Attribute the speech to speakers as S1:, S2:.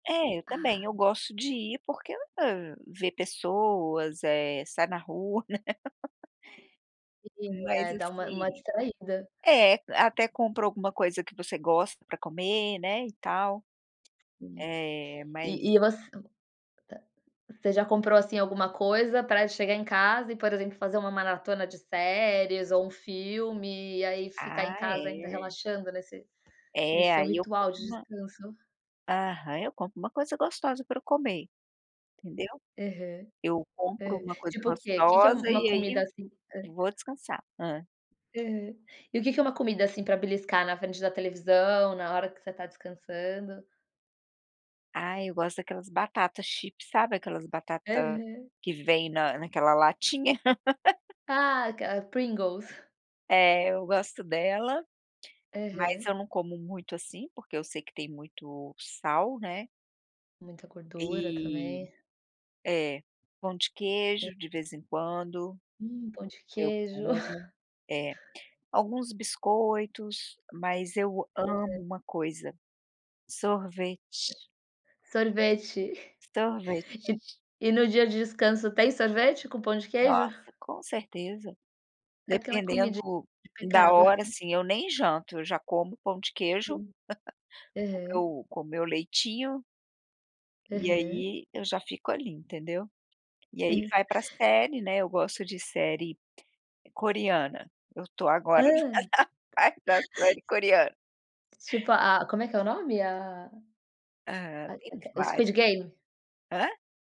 S1: É, eu também, eu
S2: Ah.
S1: gosto de ir, porque, hã, vê pessoas, eh, sai na rua, né.
S2: Sim,
S1: Mas
S2: é, dá uma uma
S1: assim
S2: distraída.
S1: É, até compra alguma coisa que você gosta pra comer, né, e tal,
S2: Sim.
S1: eh, mas
S2: E e você ah. Você já comprou, assim, alguma coisa pra chegar em casa e, por exemplo, fazer uma maratona de séries ou um filme e aí ficar em
S1: Ah,
S2: casa ainda
S1: é.
S2: relaxando nesse nesse
S1: É,
S2: seu
S1: aí eu
S2: ritual de
S1: compro uma
S2: descanso?
S1: Aham, eu compro uma coisa gostosa pra eu comer, entendeu?
S2: Aham.
S1: Eu compro
S2: Aham.
S1: uma coisa
S2: Tipo o quê? Que que é
S1: gostosa
S2: uma
S1: e,
S2: comida
S1: aí,
S2: assim hã?
S1: vou descansar. Hã?
S2: Aham. E o que que é uma comida, assim, pra beliscar na frente da televisão, na hora que você tá descansando?
S1: Ah, eu gosto daquelas batata chips sabe, aquelas batata
S2: Aham.
S1: que vem na naquela latinha.
S2: Ah, cara, Pringles!
S1: É, eu gosto dela, mas
S2: Aham.
S1: eu não como muito assim, porque eu sei que tem muito sal, né?
S2: Muita gordura
S1: E
S2: também.
S1: É. Pão de
S2: É.
S1: queijo, de vez em quando,
S2: Hum, pão de
S1: eu
S2: queijo.
S1: como. É. Alguns biscoitos, mas eu
S2: Aham.
S1: amo uma coisa: sorvete.
S2: Sorvete.
S1: Sorvete.
S2: E e no dia de descanso tem sorvete com pão de queijo?
S1: Nossa, com certeza,
S2: Aquela
S1: dependendo
S2: comidin
S1: da
S2: repicada.
S1: hora assim, eu nem janto eu já como pão de queijo
S2: Sim.
S1: com
S2: Aham.
S1: meu com meu leitinho e
S2: Aham.
S1: aí eu já fico ali, entendeu? E aí,
S2: Aham.
S1: vai pra série, né. Eu gosto de série coreana. Eu tô
S2: Hã?
S1: agora na fase da série coreana.
S2: Tipo a como é que é o nome? A a
S1: Aham, tem
S2: a que o Squid
S1: várias.
S2: Game?
S1: Hã?